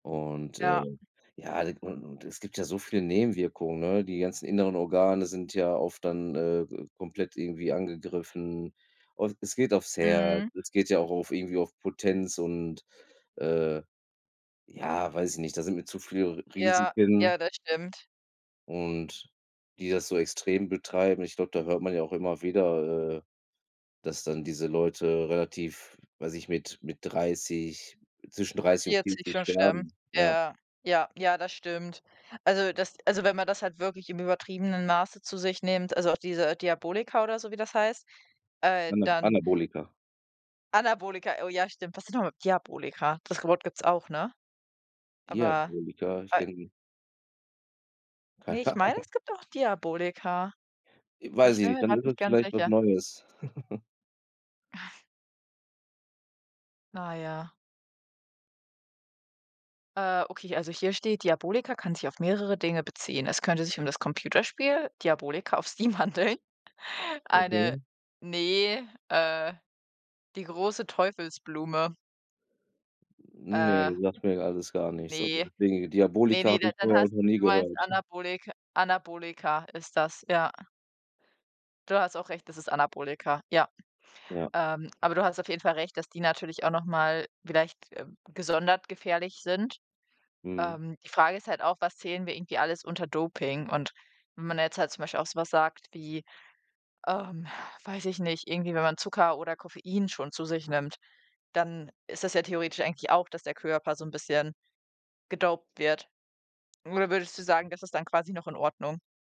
Und äh, Ja. ja, und und es gibt ja so viele Nebenwirkungen ne, die ganzen inneren Organe sind ja oft dann, äh, komplett irgendwie angegriffen. Und es geht aufs Herz, Mhm. es geht ja auch auf irgendwie auf Potenz und äh, ja, weiß ich nicht, da sind mir zu viele R Ja, Risiken. ja, das stimmt. Und die das so extrem betreiben. Ich glaube, da hört man ja auch immer wieder, äh, dass dann diese Leute relativ, weiß nicht, mit, mit 30, zwischen 30 und 40 40 schon sterben. sterben, ja. Ja, ja, ja, das stimmt. Also das also wenn man das halt wirklich im übertriebenen Maße zu sich nehmt, also auch diese Diabolika oder so, wie das heißt, äh, Ana dann Anabolika. Anabolika, oh ja, stimmt. Was sind nochmal Diabolika, das ge Wort gibt's auch, ne? Aber, Diabolika, ich a kenn Ne, Keine ich meine, Ahnung. es gibt auch Diabolika, aber Weiß ich ich bin nicht, mir dann grad ist das nicht ganz vielleicht was sicher. Neues. Naja. Äh, okay, also hier steht, Diabolika kann sich auf mehrere Dinge beziehen. Es könnte sich um das Computerspiel, Diabolika auf Steam handeln. Eine Okay. ne, äh, die große Teufelsblume. Äh. Ne, sagt mir alles gar nichts. Also Ne, deswegen, ne, Diabolika ne, habe ich dann vorher noch hast nie du meinst gehört. Anabolik Anabolika ist das, ja. Du hast auch recht, das ist Anabolika, ja. Ja. Ähm, aber du hast auf jeden Fall Recht, dass die natürlich auch noch mal vielleicht gesondert gefährlich sind. Mhm. Ähm, die Frage ist halt auch, was zählen wir irgendwie alles unter Doping? Und wenn man jetzt halt zum Beispiel auch so was sagt wie, ähm, weiß ich nicht, irgendwie wenn man Zucker oder Koffein schon zu sich nimmt, dann ist das ja theoretisch eigentlich auch, dass der Körper so 'n bisschen gedoped wird. Oder würdest du sagen, das ist dann quasi noch in Ordnung?